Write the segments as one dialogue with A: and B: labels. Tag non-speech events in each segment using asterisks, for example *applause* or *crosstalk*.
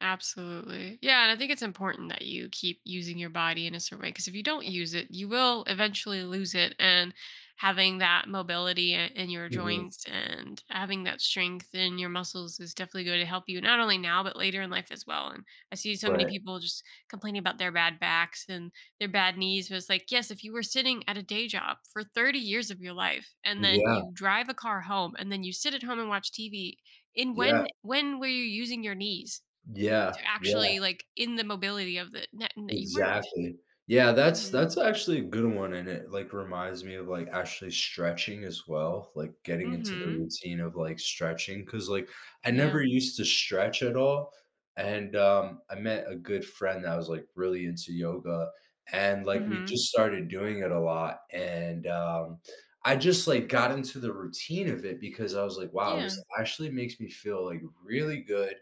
A: Absolutely. Yeah, and I think it's important that you keep using your body in a certain way ‘cause if you don't use it, you will eventually lose it and having that mobility, uh, in your
B: Mhm.
A: joints and having that strength in your muscles is definitely going to help you, not only now, but later in life as well and I see so many
B: Right.
A: people just complaining about their bad backs and their bad knees, but it's, like, yes, if you were sitting at a day job for 30 years of your life, and then
B: Yeah.
A: you drive a car home, and then you sit at home and watch TV in
B: Yeah.
A: when when were you using your knees?
B: Yeah,
A: To
B: yeah.
A: actually, like, in the mobility of the n that you weren't.
B: Exactly, yeah, that's
A: Mhm.
B: that's actually a good one and it, like, reminds me of, like, actually stretching as well, like getting into the
A: Mhm.
B: routine of, like, stretching, 'cause, like, I
A: Yeah.
B: never used to stretch at all, and, um, I met a good friend that was, like, really into yoga, and, like, we
A: Mhm.
B: just started doing it a lot and, um, I just, like, got into the routine of it because I was, like, "Wow, this
A: Yeah.
B: actually makes me feel, like, really good."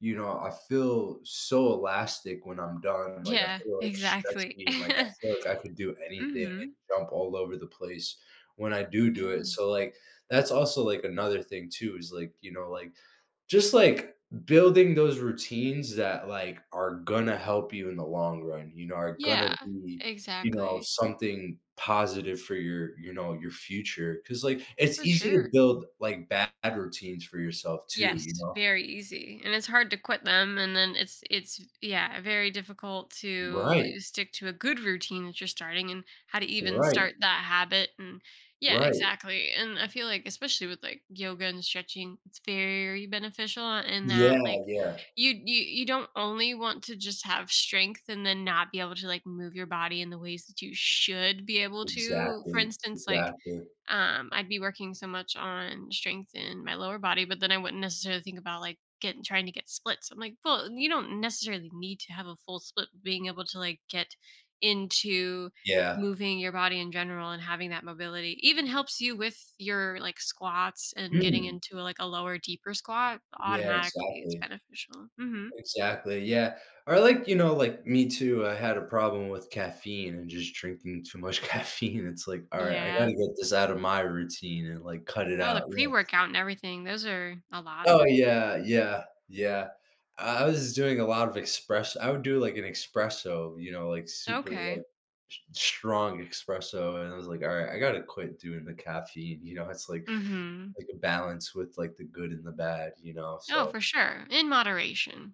B: You know, I feel so elastic when I'm done, like, I
A: Yeah,
B: feel like
A: exactly.
B: stretching, like, I
A: *chuckles*
B: feel like I could do anything and
A: Mhm.
B: jump all over the place when I do do it,
A: Yeah.
B: so, like, that's also, like, another thing too is, like, you know, like just, like, building those routines that, like, are gonna help you in the long run, you know, are gonna
A: Yeah,
B: be, you know,
A: exactly.
B: something positive for your, you know, your future, 'cause, like, it's
A: For
B: easy to
A: sure.
B: build, like, bad routines for yourself too, you
A: Yes,
B: know?
A: very easy, and it's hard to quit them, and then it's it's yeah, very difficult to
B: Right.
A: stick to a good routine that you're starting and how to even
B: Right.
A: start that habit, and, yeah,
B: Right.
A: exactly, and I feel like, especially with, like, yoga and stretching, it's very beneficial in that,
B: Yeah,
A: like,
B: yeah.
A: you you you don't only want to just have strength and then not be able to like move your body in the ways that you should be able to, for
B: Exactly,
A: instance, like,
B: exactly.
A: um, I'd be working so much on strength in my lower body, but then I wouldn't necessarily think about, like, getting trying to get splits. I'm, like, "Well, you don't necessarily need to have a full split, being able to, like, get into
B: Yeah.
A: moving your body in general and having that mobility," even helps you with your, like, squats and getting
B: Mm.
A: into, like, a lower, deeper squat,
B: Yeah,
A: automatically, it's
B: exactly.
A: beneficial. Mhm.
B: Exactly, yeah, or, like, you know, like, me too, I had a problem with caffeine and just drinking too much caffeine, it's like, "All right, I
A: Yeah.
B: gotta get this out of my routine," and like cut it
A: Oh, the
B: out, yeah.
A: pre-workout and everything, those are a lot.
B: Oh, yeah, yeah, yeah. I I was doing a lot of express I would do, like, an espresso, you know, like, super,
A: Okay.
B: like, st strong espresso, and I was like, "All right, I gotta quit doing the caffeine," you know, it's, like
A: Mhm.
B: like, a balance with, like, the good and the bad, you know,
A: Oh,
B: so
A: for sure, in moderation.